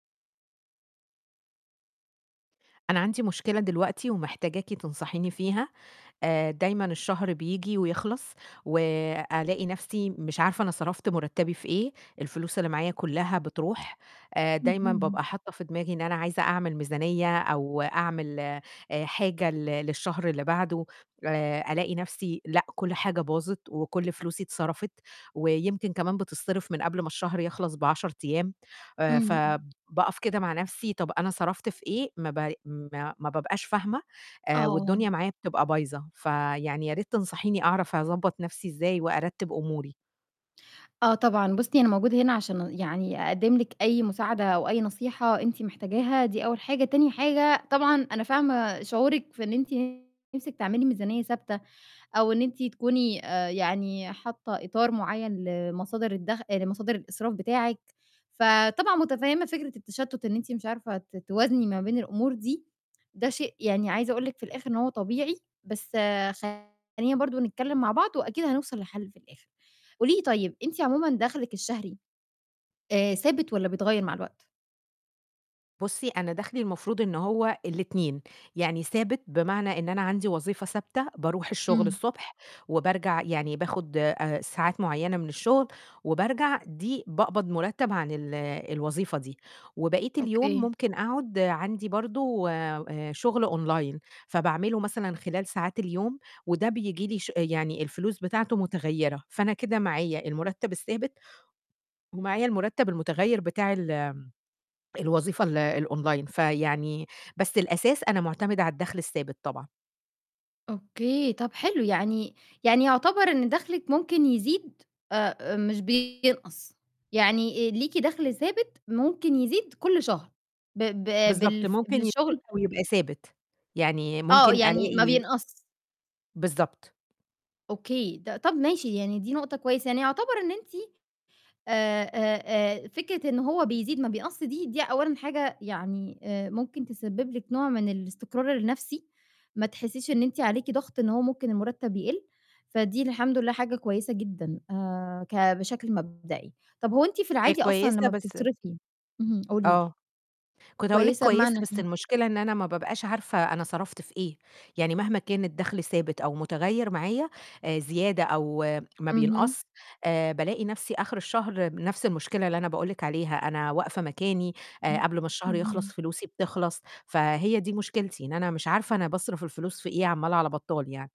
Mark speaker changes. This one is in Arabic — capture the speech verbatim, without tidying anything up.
Speaker 1: أنا عندي مشكلة دلوقتي ومحتاجاكِ تنصحيني فيها. آآ دايمًا الشهر بييجي ويخلّص وألاقي نَفْسي مش عارفة أنا صرفت مُرتّبي في إيه، الفلوس اللي معايا كُلّها بتروح. آآ دايمًا
Speaker 2: اهم.
Speaker 1: بابقى حاطّة في دماغي إن أنا عايزة أعمل ميزانية، أو أعمل آآ حاجة ل للشهر اللي بعده، آآ ألاقي نَفْسي لأ، كل حاجة باظت وكل فلوسي اتصرفت، ويمكن كمان بتتصرف من قبل ما الشهر يخلّص بعَشَر أيام. آآ
Speaker 2: إمم، إمم. ث
Speaker 1: فباقف كده مع نَفْسي، طَب أنا صرفت في إيه؟ ما ب ما ما بابقاش فاهمة آآ،
Speaker 2: آه.
Speaker 1: والدنيا معايا بتبقى بايظة. فيعني ياريت تنصحيني أعرف أضبّط نَفْسي إزاي وأرتّب أموري.
Speaker 2: آه طبعًا، بُصّي، أنا موجودة هنا عشان يعني أقدِّم لِك أي مساعدة أو أي نصيحة أنتِ محتاجاها دي أول حاجة، تاني حاجة طبعًا أنا فاهمة شعورِك في إن أنتِ نِفْسِك تعملي ميزانية ثابتة أو إن أنتِ تكوني آآ يعني حاطّة إطار معيّن لمصادر الدَخ لمصادر الإسراف بتاعِك، فطبعا متفهِّمة فكرة التشتُّت إن أنتِ مش عارفة ت توازني ما بين الأمور دي، ده شيء يعني عايزة أقول لِك في الآخِر إن هو طبيعي، بس خلّينا برضه نتكلِّم مع بعض وأكيد هنوصل لحل في الآخِر. قولي لي طيب، أنتِ عموما دَخْلِك الشهري آآ ثابت والّا بيتغيّر مع الوقت؟
Speaker 1: بُصّي، أنا داخلي المفروض إن هو الاتنين، يعني ثابت بمعنى إن أنا عندي وظيفة ثابتة، باروح الشُغل
Speaker 2: إمم.
Speaker 1: الصبح وبارجع يعني باخد آآ ساعات معيّنة من الشُغل وبارجع، دي باقبض مُرتَّب عن ال الوظيفة دي. وبقيت اليوم
Speaker 2: أوكي.
Speaker 1: ممكن أقعُد عندي برضه آآ شُغل أونلاين، فباعمله مثلًا خلال ساعات اليوم، وده بييجي لي ش يعني الفلوس بتاعته متغيّرة. فأنا كده معايا المُرتَّب الثابت ومعايا المُرتَّب المُتغيّر بتاع ال الوظيفة ال الأونلاين. فيعني بس الأساس أنا معتمدة على الدَخْل الثابت طبعًا.
Speaker 2: أوكي، طَب حلو، يعني يعني يعتبر إن دَخْلِك ممكن يزيد آآ مش بينقص، يعني ليكِ دَخْل ثابت ممكن يزيد كل شهر ب ب
Speaker 1: بالضبط،
Speaker 2: بالف
Speaker 1: ممكن يزيد
Speaker 2: بالشُغل
Speaker 1: أو يبقى ثابت، يعني
Speaker 2: آه،
Speaker 1: ممكن
Speaker 2: يعني ما
Speaker 1: ألاقي
Speaker 2: بينقص.
Speaker 1: بالضبط.
Speaker 2: أوكي، ط طَب ماشي يعني دي نقطة كويسة. يعني يعتبر إن أنتِ آآ آآ آآ فكرة إن هو بيزيد ما بيقص دي، دي أولًا حاجة يعني آآ ممكن تسبِّب لِك نوع من الاستقرار النَفْسي ما تحسّيش إن أنتِ عليكِ ضَغْط إن هو ممكن المُرتَّب يقِل، فدي الحمد لله حاجة كويسة جدًا آآ ك بشكل مبدئي. طَب هو أنتِ في
Speaker 1: هي
Speaker 2: العادي أصلًا
Speaker 1: كويسة
Speaker 2: لمّا
Speaker 1: بس
Speaker 2: بتصرفي اهم، قولي لي.
Speaker 1: آه، كنت هاقول لِك
Speaker 2: كويسة
Speaker 1: كويسة،
Speaker 2: بمعنى
Speaker 1: بس
Speaker 2: إيه؟
Speaker 1: المشكلة إن أنا ما بابقاش عارفة أنا صرفت في إيه. يعني مهما كان الدَخْل ثابت أو مُتغيّر، معايا آآ زيادة أو ما
Speaker 2: اهم.
Speaker 1: بينقص، آآ بالاقي نَفْسي آخِر الشهر نَفْس المشكلة اللي أنا باقول لِك عليها، أنا واقفة مكاني آآ
Speaker 2: ام
Speaker 1: قبل ما الشهر يخلّص
Speaker 2: اهم.
Speaker 1: فلوسي بتخلّص. فهي دي مشكلتي، إن أنا مش عارفة أنا باصرف الفلوس في إيه عَمّال على بطّال يعني.